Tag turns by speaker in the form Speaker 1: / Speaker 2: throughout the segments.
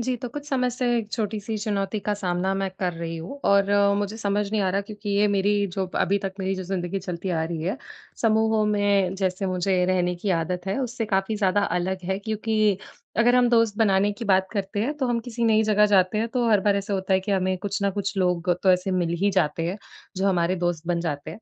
Speaker 1: जी, तो कुछ समय से 1 छोटी-सी चुनौती का सामना मैं कर रही हूँ। और अ, मुझे समझ नहीं आ रहा क्योंकि ये मेरी जो अभी तक मेरी जो ज़िंदगी चलती आ रही है समूहों में जैसे मुझे रहने की आदत है, उससे काफ़ी ज़्यादा अलग है। क्योंकि, अगर हम दोस्त बनाने की बात करते हैं। तो हम किसी नई जगह जाते हैं तो हर बार ऐसा होता है कि हमें कुछ न कुछ लोग तो ऐसे मिल ही जाते हैं। जो हमारे दोस्त बन जाते हैं।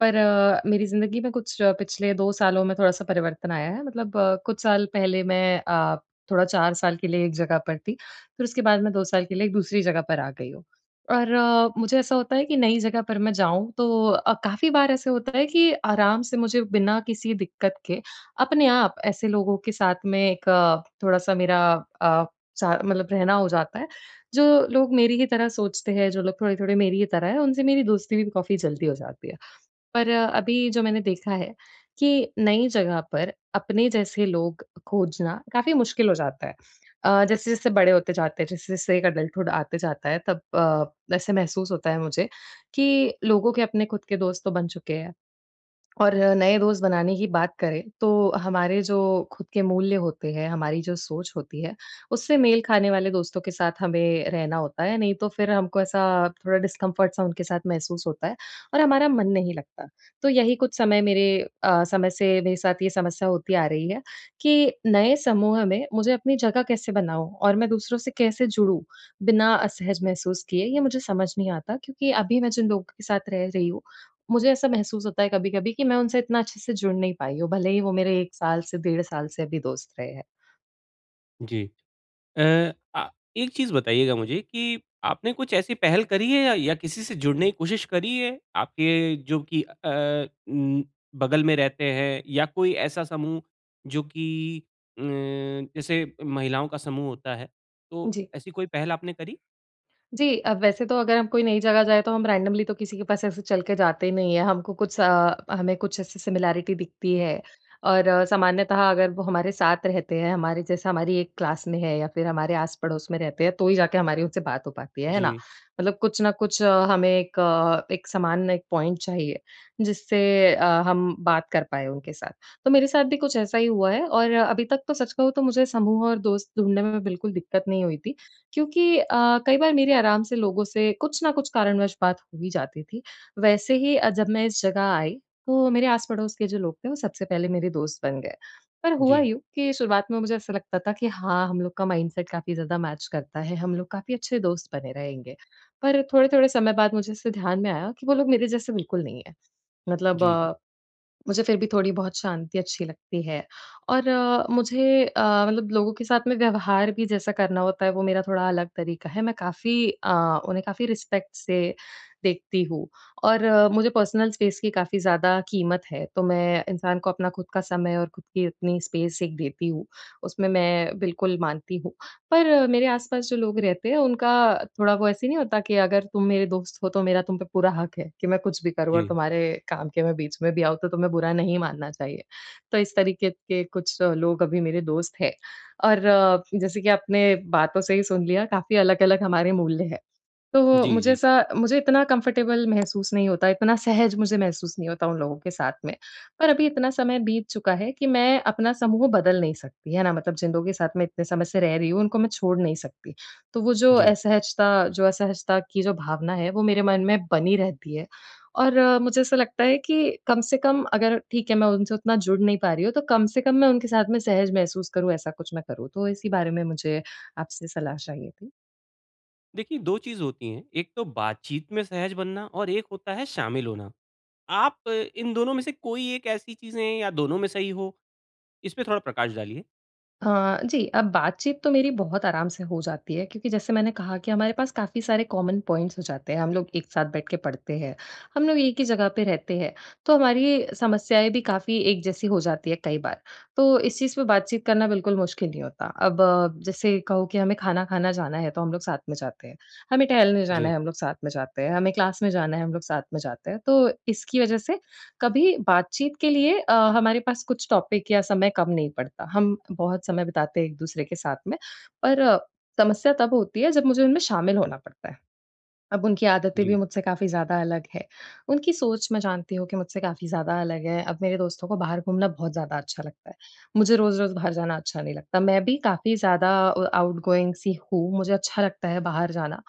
Speaker 1: पर अ, मेरी ज़िन्दगी में कुछ पिछले 2 सालों में थोड़ा-सा परिवर्तन आया है। मतलब अ, कुछ साल पहले मैं अ, थोड़ा 4 साल के लिए एक जगह पर थी। फिर उसके बाद मैं 2 साल के लिए एक दूसरी जगह पर आ गई हूँ। और अ, मुझे ऐसा होता है कि नई जगह पर मैं जाऊँ तो अ, काफ़ी बार ऐसा होता है कि आराम से मुझे बिना किसी दिक्कत के, अपने आप ऐसे लोगों के साथ में एक अ, थोड़ा-सा मेरा अ, स मतलब रहना हो जाता है। जो लोग मेरी ही तरह सोचते हैं, जो लोग थोड़े-थोड़े मेरी ही तरह हैं, उनसे मेरी दोस्ती भी काफ़ी जल्दी हो जाती है। पर अ, अभी जो मैंने देखा है कि नई जगह पर अपने जैसे लोग खोजना काफ़ी मुश्किल हो जाता है। अ, जैसे-जैसे बड़े होते जाते हैं। जैसे-जैसे एक अडल्टहुड आते जाता है। तब अ, ऐसे महसूस होता है मुझे कि लोगों के अपने ख़ुद के दोस्त तो बन चुके हैं। और अ, नए दोस्त बनाने की बात करें। तो हमारे जो ख़ुद के मूल्य होते हैं, हमारी जो सोच होती है, उससे मेल खाने वाले दोस्तों के साथ हमें रहना होता है। नहीं तो फिर हमको ऐसा थोड़ा डिस्कम्फ़र्ट सा उनके साथ महसूस होता है। और हमारा मन नहीं लगता। तो यही कुछ समय मेरे अ, समय से मेरे साथ ये समस्या होती आ रही है, कि नए समूह में मुझे अपनी जगह कैसे बनाऊँ? और मैं दूसरों से कैसे जुड़ूँ? बिना असहज महसूस किए। ये मुझे समझ नहीं आता क्योंकि अभी मैं जिन लोगों के साथ रह रही हूँ, मुझे ऐसा महसूस होता है कभी-कभी कि मैं उनसे इतना अच्छे से जुड़ नहीं पाई हूँ। भले ही वो मेरे 1 साल से डेढ़ साल से भी दोस्त रहे हैं।
Speaker 2: जी। एय अ, एक चीज़ बताइएगा मुझे कि आपने कुछ ऐसी पहल करी है या किसी से जुड़ने की कोशिश करी है? आपके जो कि अ अ, उ बगल में रहते हैं या कोई ऐसा समूह जो कि अ, जैसे महिलाओं का समूह होता है तो
Speaker 1: जी।
Speaker 2: ऐसी कोई पहल आपने करी?
Speaker 1: जी। अ, वैसे तो अगर हम कोई नई जगह जाएँ तो हम रैंडमली तो किसी के पास ऐसे चल के जाते नहीं हैं। हमको कुछ अ, हमें कुछ ऐसी सिमिलैरिटी दिखती है और सामान्यतः अगर वो हमारे साथ रहते हैं, हमारे जैसे हमारी एक क्लास में हैं या फिर हमारे आस-पड़ोस में रहते हैं तो ही जाके हमारी उनसे बात हो पाती है, है ना?
Speaker 2: जी।
Speaker 1: मतलब कुछ न कुछ अ, हमें एक अ, एक समान एक पॉइंट चाहिए जिससे अ, हम बात कर पाएँ उनके साथ। तो मेरे साथ भी कुछ ऐसा ही हुआ है और अभी तक तो सच कहूँ तो मुझे समूह और दोस्त ढूँढ़ने में बिल्कुल दिक्कत नहीं हुई थी क्योंकि अ, कई बार मेरे आराम से लोगों से कुछ न कुछ कारणवश बात हो ही जाती थी। वैसे ही अ, जब मैं इस जगह आई तो मेरे आस-पड़ोस के जो लोग थे वो सबसे पहले मेरे दोस्त बन गए। पर हुआ
Speaker 2: जी।
Speaker 1: यूँ कि शुरुआत में मुझे ऐसा लगता था कि हाँ, हम लोग का माइंडसेट काफ़ी ज़्यादा मैच करता है, हम लोग काफ़ी अच्छे दोस्त बने रहेंगे। पर थोड़े-थोड़े समय बाद मुझे ऐसे ध्यान में आया कि वो लोग मेरे जैसे बिल्कुल नहीं हैं। मतलब
Speaker 2: जी, जी।
Speaker 1: अ, मुझे फिर भी थोड़ी बहुत शांति अच्छी लगती है और अ, मुझे अ, मतलब लोगों के साथ में व्यवहार भी जैसा करना होता है वो मेरा थोड़ा अलग तरीक़ा है, मैं काफ़ी अ, उन्हें काफ़ी रिस्पेक्ट से देखती हूँ। और मुझे पर्सनल स्पेस की काफ़ी ज़्यादा क़ीमत है, तो मैं इंसान को अपना ख़ुद का समय और ख़ुद की इतनी स्पेस एक देती हूँ, उसमें मैं बिल्कुल मानती हूँ। पर मेरे आस-पास जो लोग रहते हैं उनका थोड़ा वो ऐसे नहीं होता कि अगर तुम मेरे दोस्त हो तो मेरा तुम पे पूरा हक़ है कि मैं कुछ भी करूँ और
Speaker 2: जी।
Speaker 1: तुम्हारे काम के मैं बीच में भी आऊँ तो तुम्हें बुरा नहीं मानना चाहिए। तो इस तरीक़े के कुछ लोग अभी मेरे दोस्त हैं और जैसे कि आपने बातों से ही सुन लिया काफ़ी अलग-अलग हमारे मूल्य हैं। तो
Speaker 2: जी,
Speaker 1: मुझे
Speaker 2: जी।
Speaker 1: ऐसा मुझे इतना कंफ़र्टेबल महसूस नहीं होता, इतना सहज मुझे महसूस नहीं होता उन लोगों के साथ में। पर अभी इतना समय बीत चुका है कि मैं अपना समूह बदल नहीं सकती। है ना? मतलब जिन लोग साथ मैं इतने समय से रह रही हूँ, उनको मैं छोड़ नहीं सकती, तो वो जो
Speaker 2: जी।
Speaker 1: असहजता जो असहजता की जो भावना है वो मेरे मन में बनी रहती है। और मुझे ऐसा लगता है कि कम से कम अगर ठीक है, मैं उनसे उतना जुड़ नहीं पा रही हूँ तो कम से कम मैं उनके साथ में सहज महसूस करूँ ऐसा कुछ मैं करूँ। तो इसी बारे में मुझे आपसे सलाह चाहिए थी।
Speaker 2: देखिए, 2 चीज़ होती हैं, एक तो बातचीत में सहज बनना और एक होता है शामिल होना। आप इन दोनों में से कोई एक ऐसी चीज़ें या दोनों में सही हो, इसमें थोड़ा प्रकाश डालिए।
Speaker 1: हाँ, जी, अब बातचीत तो मेरी बहुत आराम से हो जाती है क्योंकि जैसे मैंने कहा कि हमारे पास काफ़ी सारे कॉमन पॉइंट्स हो जाते हैं, हम लोग एक साथ बैठ के पढ़ते हैं। हम लोग एक ही जगह पे रहते हैं, तो हमारी समस्याएँ भी काफ़ी एक जैसी हो जाती हैं कई बार, तो इस चीज़ पे बातचीत करना बिल्कुल मुश्किल नहीं होता। अब जैसे कहो कि हमें खाना-खाना जाना है तो हम लोग साथ में जाते हैं। हमें टहलने जाना
Speaker 2: जी।
Speaker 1: है हम लोग साथ में जाते हैं, हमें क्लास में जाना है, हम लोग साथ में जाते हैं। तो इसकी वजह से कभी बातचीत के लिए अ, हमारे पास कुछ टॉपिक या समय कम नहीं पड़ता। हम बहुत समय बिताते हैं एक-दूसरे के साथ में, पर समस्या तब होती है जब मुझे उनमें शामिल होना पड़ता है। अब उनकी आदतें भी
Speaker 2: जी।
Speaker 1: मुझसे काफ़ी ज़्यादा अलग हैं, उनकी सोच मैं जानती हूँ कि मुझसे काफ़ी ज़्यादा अलग है। अब मेरे दोस्तों को बाहर घूमना बहुत ज़्यादा अच्छा लगता है, मुझे रोज़-रोज़ बाहर जाना अच्छा नहीं लगता। मैं भी काफ़ी ज़्यादा अ, आउटगोइंग सी हूँ मुझे अच्छा लगता है बाहर जाना,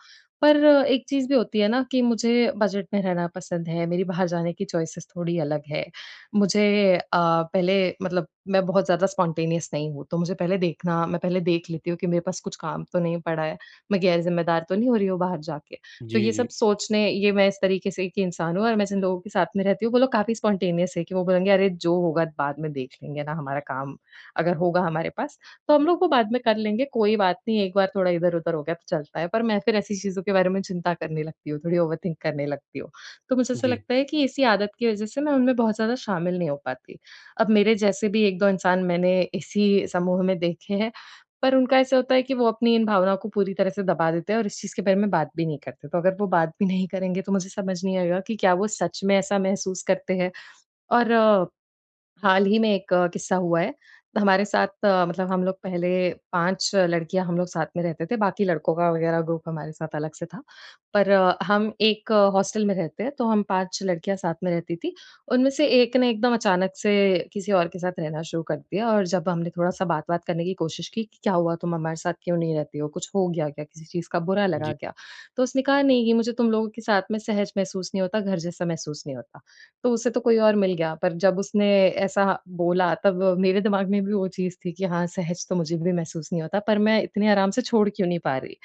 Speaker 1: पर एक चीज़ भी होती है ना कि मुझे बजट में रहना पसंद है, मेरी बाहर जाने की चॉइसेस थोड़ी अलग हैं। मुझे अ, पहले मतलब मैं बहुत ज़्यादा स्पॉन्टेनियस नहीं हूँ तो मुझे पहले देखना मैं पहले देख लेती हूँ कि मेरे पास कुछ काम तो नहीं पड़ा है, मैं गैर-ज़िम्मेदार तो नहीं हो रही हूँ बाहर जाके। तो
Speaker 2: जी,
Speaker 1: ये सब
Speaker 2: जी।
Speaker 1: सोचने ये मैं इस तरीके से एक इंसान हूँ और मैं जिन लोगों के साथ में रहती हूँ, वो लोग काफ़ी स्पॉन्टेनियस हैं कि वो बोलेंगे "अरे, जो होगा बाद में देख लेंगे ना। हमारा काम अगर होगा हमारे पास तो हम लोग वो बाद में कर लेंगे, कोई बात नहीं। एक बार थोड़ा इधर-उधर हो गया तो चलता है।" पर मैं फिर ऐसी चीज़ों के बारे में चिंता करने लगती हूँ, थोड़ी ओवरथिंक करने लगती हूँ। तो मुझे ऐसा
Speaker 2: जी।
Speaker 1: लगता है कि इसी आदत की वजह से मैं उनमें बहुत ज़्यादा शामिल नहीं हो पाती। अब मेरे जैसे भी 1-2 इंसान मैंने इसी समूह में देखे हैं, पर उनका ऐसा होता है कि वो अपनी इन भावनाओं को पूरी तरह से दबा देते हैं और इस चीज़ के बारे में बात भी नहीं करते। तो अगर वो बात भी नहीं करेंगे तो मुझे समझ नहीं आएगा कि क्या वो सच में ऐसा महसूस करते हैं, और हाल ही में एक किस्सा हुआ है हमारे साथ। मतलब हम लोग पहले 5 लड़कियाँ हम लोग साथ में रहते थे बाकी लड़कों का वग़ैरह ग्रुप हमारे साथ अलग से था। पर हम एक हॉस्टल में रहते हैं तो हम 5 लड़कियाँ साथ में रहती थीं। उनमें से एक ने एकदम अचानक से किसी और के साथ रहना शुरू कर दिया और जब हमने थोड़ा-सा बात-वात करने की कोशिश की कि, "क्या हुआ, तुम हमारे साथ क्यों नहीं रहती हो? कुछ हो गया क्या? किसी चीज़ का बुरा लगा
Speaker 2: जी।
Speaker 1: क्या?" तो उसने कहा, "नहीं, ये मुझे तुम लोगों के साथ में सहज महसूस नहीं होता, घर जैसा महसूस नहीं होता।" तो उसे तो कोई और मिल गया पर जब उसने ऐसा बोला तब मेरे दिमाग में भी वो चीज़ थी कि हाँ, सहज तो मुझे भी महसूस नहीं होता पर मैं इतने आराम से छोड़ क्यों नहीं पा रही।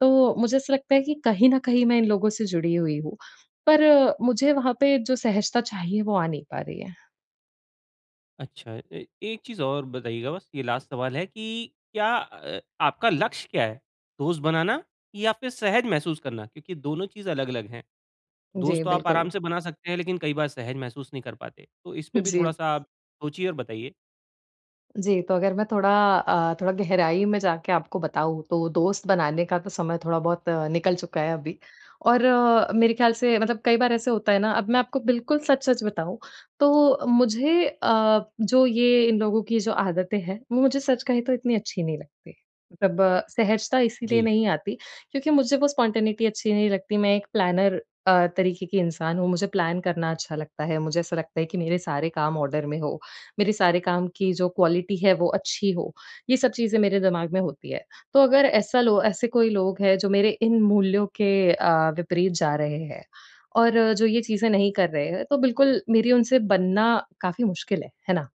Speaker 1: तो मुझे ऐसा लगता है कि कहीं न कहीं मैं इन लोगों से जुड़ी हुई हूँ, पर मुझे वहाँ पे जो सहजता चाहिए, वो आ नहीं पा रही है।
Speaker 2: अच्छा ए एक चीज़ और बताइएगा बस, ये लास्ट सवाल है कि क्या अ, आपका लक्ष्य क्या है? दोस्त बनाना या फिर सहज महसूस करना? क्योंकि दोनों चीज़ अलग-अलग हैं।
Speaker 1: जी,
Speaker 2: दोस्त तो आप
Speaker 1: बिल्कुल।
Speaker 2: आराम से बना सकते हैं, लेकिन कई बार सहज महसूस नहीं कर पाते, तो इस पे भी
Speaker 1: जी।
Speaker 2: थोड़ा-सा आप सोचिए और बताइए।
Speaker 1: जी, तो अगर मैं थोड़ा अ, थोड़ा, गहराई में जाके आपको बताऊँ, तो दोस्त बनाने का तो समय थोड़ा बहुत निकल चुका है अभी। और अ, मेरे ख्याल से मतलब कई बार ऐसे होता है ना अब मैं आपको बिल्कुल सच-सच बताऊँ, तो मुझे अ, जो ये इन लोगों की जो आदतें हैं, वो मुझे सच कहे तो इतनी अच्छी नहीं लगती। मतलब अ, सहजता इसीलिए
Speaker 2: जी।
Speaker 1: नहीं आती, क्योंकि मुझे वो स्पॉन्टेनिटी अच्छी नहीं लगती, मैं एक प्लानर अ, तरीके की इंसान हूँ। मुझे प्लान करना अच्छा लगता है। मुझे ऐसा लगता है कि मेरे सारे काम ऑर्डर में हो। मेरे सारे काम की जो क्वालिटी है वो अच्छी हो, ये सब चीज़ें मेरे दिमाग में होती है। तो अगर ऐसा लो ऐसे कोई लोग है, जो मेरे इन मूल्यों के अ, विपरीत जा रहे हैं और जो ये चीज़ें नहीं कर रहे हैं, तो बिल्कुल मेरी उनसे बनना काफ़ी मुश्किल है। है ना?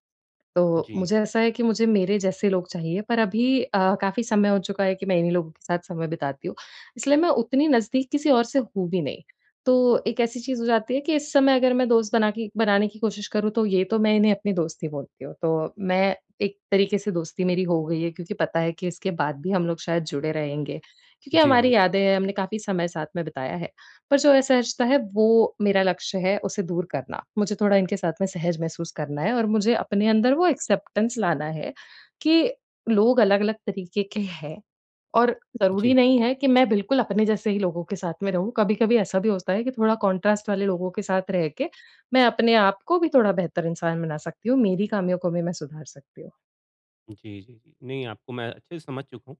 Speaker 1: तो
Speaker 2: जी।
Speaker 1: मुझे ऐसा है कि मुझे मेरे जैसे लोग चाहिए, पर अभी अ, काफ़ी समय हो चुका है कि मैं इन्हीं लोगों के साथ समय बिताती हूँ। इसलिए मैं उतनी नज़दीक किसी और से हूँ भी नहीं, तो एक ऐसी चीज़ हो जाती है कि इस समय अगर मैं दोस्त बना के बनाने की कोशिश करूँ तो, ये तो मैं इन्हें अपनी दोस्त ही बोलती हूँ। तो मैं एक तरीके से दोस्ती मेरी हो गयी है। क्योंकि पता है कि इसके बाद भी हम लोग शायद जुड़े रहेंगे। क्योंकि
Speaker 2: जी, जी।
Speaker 1: हमारी यादें हैं, हमने काफ़ी समय साथ में बिताया है, पर जो असहजता है, वो मेरा लक्ष्य है उसे दूर करना। मुझे थोड़ा इनके साथ में सहज महसूस करना है और मुझे अपने अंदर वो एक्सेप्टेंस लाना है कि लोग अलग-अलग तरीके के हैं, और ज़रूरी
Speaker 2: जी।
Speaker 1: नहीं है कि मैं बिल्कुल अपने जैसे ही लोगों के साथ में रहूँ। कभी-कभी ऐसा भी होता है कि थोड़ा कंट्रास्ट वाले लोगों के साथ रह के, मैं अपने आप को भी थोड़ा बेहतर इंसान बना सकती हूँ। मेरी ख़ामियों को भी मैं सुधार सकती हूँ।
Speaker 2: जी, जी। नहीं आपको मैं अच्छे से समझ चुका हूँ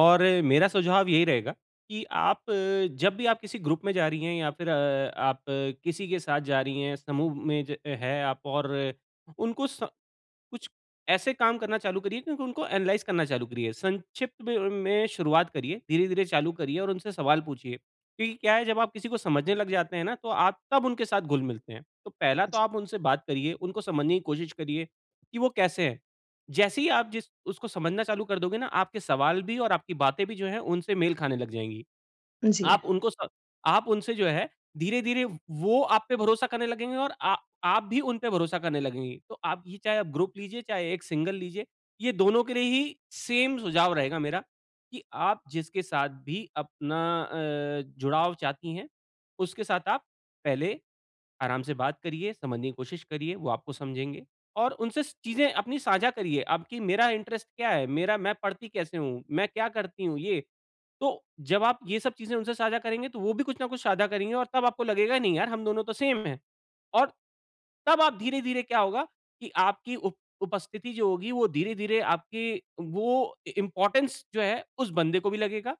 Speaker 2: और मेरा सुझाव यही रहेगा कि आप अ, जब भी आप किसी ग्रुप में जा रही हैं या फ़िर अ, आप किसी के साथ जा रही हैं समूह में ज है आप और उनको स कुछ ऐसे काम करना चालू करिए क्योंकि उनको एनालाइज़ करना चालू करिए। संक्षिप्त [unintelligible] में शुरुआत करिए धीरे-धीरे चालू करिए और उनसे सवाल पूछिए। क्योंकि क्या है जब आप किसी को समझने लग जाते हैं ना, तो आप तब उनके साथ घुल-मिलते हैं। तो पहला तो
Speaker 1: जी।
Speaker 2: आप उनसे बात करिए उनको समझने की कोशिश करिए कि वो कैसे हैं? जैसे ही आप जिस उसको समझना चालू कर दोगे न, आपके सवाल भी और आपकी बातें भी जो है उनसे मेल खाने लग जाएँगी।
Speaker 1: अ, जी।
Speaker 2: आप उनको स आप उनसे जो है धीरे-धीरे व वो आप पे भरोसा करने लगेंगे और आ आप भी उन पे भरोसा करने लगेंगी। तो आप ये चाहे ग्रुप लीजिए चाहे एक सिंगल लीजिए ये दोनों के लिए ही ग्रुप सुझाव रहेगा मेरा कि आप जिसके साथ भी अपना अ, जुड़ाव चाहती हैं उसके साथ आप पहले आराम से बात करिए समझने की कोशिश करिए वो आपको समझेंगे और उनसे चीज़ें अपनी साझा करिए। आपकी मेरा इंटरेस्ट क्या है? मेरा मैं पढ़ती कैसे हूँ? मैं क्या करती हूँ ये? तो जब आप ये सब चीज़ें उनसे साझा करेंगे तो वो भी कुछ न कुछ साझा करेंगी और तब आपको लगेगा नहीं यार हम दोनों तो सेम है। और तब आप धीरे-धीरे क्या होगा कि आपकी उप उपस्थिति जो होगी वो धीरे-धीरे आपकी वो इ इम्पोर्टेंस जो है उस बंदे को भी लगेगा।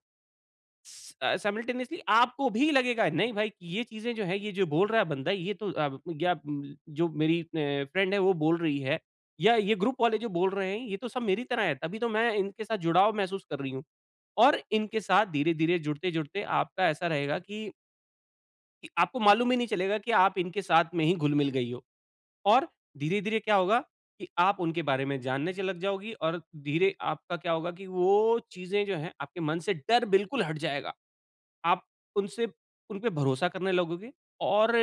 Speaker 2: अ, सायमलटेनीयस्ली आपको भी लगेगा नहीं भाई ये चीज़ें जो है ये जो बोल रहा है बंदा ये तो अ, गया अ, जो मेरी अ, फ्रेंड है वो बोल रही है या ये ग्रुप वाले जो बोल रहे हैं ये तो सब मेरी तरह है तभी तो मैं इनके साथ जुड़ाव महसूस कर रही हूँ। और इनके साथ धीरे-धीरे जुड़ते-जुड़ते आपका ऐसा रहेगा कि कि आपको मालूम भी नहीं चलेगा कि आप इनके साथ में ही घुल-मिल गई हो, और धीरे-धीरे क्या होगा, कि आप उनके बारे में जानने च लग जाओगी और धीरे आपका क्या होगा कि वो चीज़ें जो हैं आपके मन से डर बिल्कुल हट जाएगा। आप उनसे उनपे भरोसा करने लगोगे और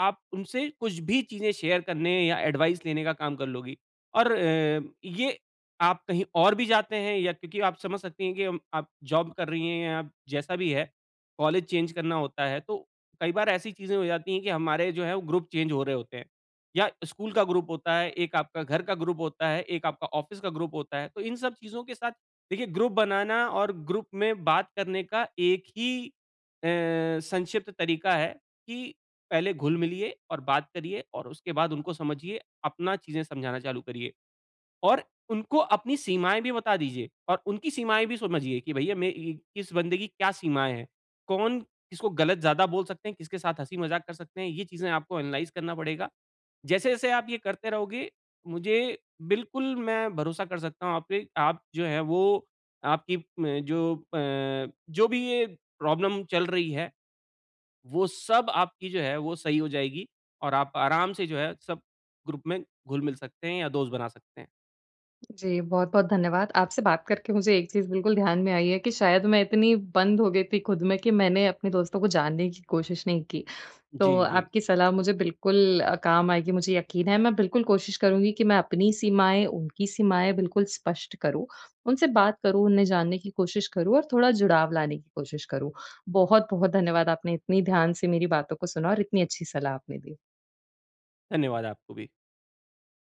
Speaker 2: आप उनसे कुछ भी चीज़ें शेयर करने या एडवाइस लेने का काम कर लोगी और अ, ये आप कहीं और भी जाते हैं या क्योंकि आप समझ सकती हैं कि अम, आप जॉब कर रही हैं या जैसा भी है। कॉलेज चेंज करना होता है तो कई बार ऐसी चीज़ें हो जाती हैं कि हमारे जो हैं वो ग्रुप चेंज हो रहे होते हैं, या स्कूल का ग्रुप होता है, एक आपका घर का ग्रुप होता है, एक आपका ऑफ़िस का ग्रुप होता है। तो इन सब चीज़ों के साथ देखिए, ग्रुप बनाना और ग्रुप में बात करने का एक ही अ, संक्षिप्त तरीका है, कि पहले घुल मिलिए और बात करिए और उसके बाद उनको समझिए, अपना चीज़ें समझाना चालू करिए। और उनको अपनी सीमाएँ भी बता दीजिए और उनकी सीमाएँ भी समझिए कि भैया, मैं इ इस बंदे की क्या सीमाएँ हैं। कौन किसको गलत ज़्यादा बोल सकते हैं, किसके साथ हँसी-मज़ाक कर सकते हैं, ये चीज़ें आपको एनालाइज़ करना पड़ेगा। जैसे-जैसे आप ये करते रहोगे, मुझे बिल्कुल मैं भरोसा कर सकता हूँ आप पे, आप जो हैं वो आपकी म जो अ, जो भी ये प्रॉब्लम चल रही है, वो सब आपकी जो है, वो सही हो जाएगी और आप आराम से जो हैं सब ग्रुप में घुल-मिल सकते हैं या दोस्त बना सकते हैं।
Speaker 1: जी, बहुत-बहुत धन्यवाद। आपसे बात करके मुझे एक चीज़ बिल्कुल ध्यान में आई है कि शायद मैं इतनी बंद हो गई थी खुद में, कि मैंने अपने दोस्तों को जानने की कोशिश नहीं की। तो
Speaker 2: जी, जी
Speaker 1: आपकी सलाह मुझे बिल्कुल अ, काम आएगी मुझे यकीन है, मैं बिल्कुल कोशिश करूँगी कि मैं अपनी सीमाएँ, उनकी सीमाएँ बिल्कुल स्पष्ट करूँ, उनसे बात करूँ, उन्हें जानने की कोशिश करूँ और थोड़ा जुड़ाव लाने की कोशिश करूँ। बहुत-बहुत धन्यवाद आपने इतनी ध्यान से मेरी बातों को सुना और इतनी अच्छी सलाह आपने दी।
Speaker 2: धन्यवाद आपको भी।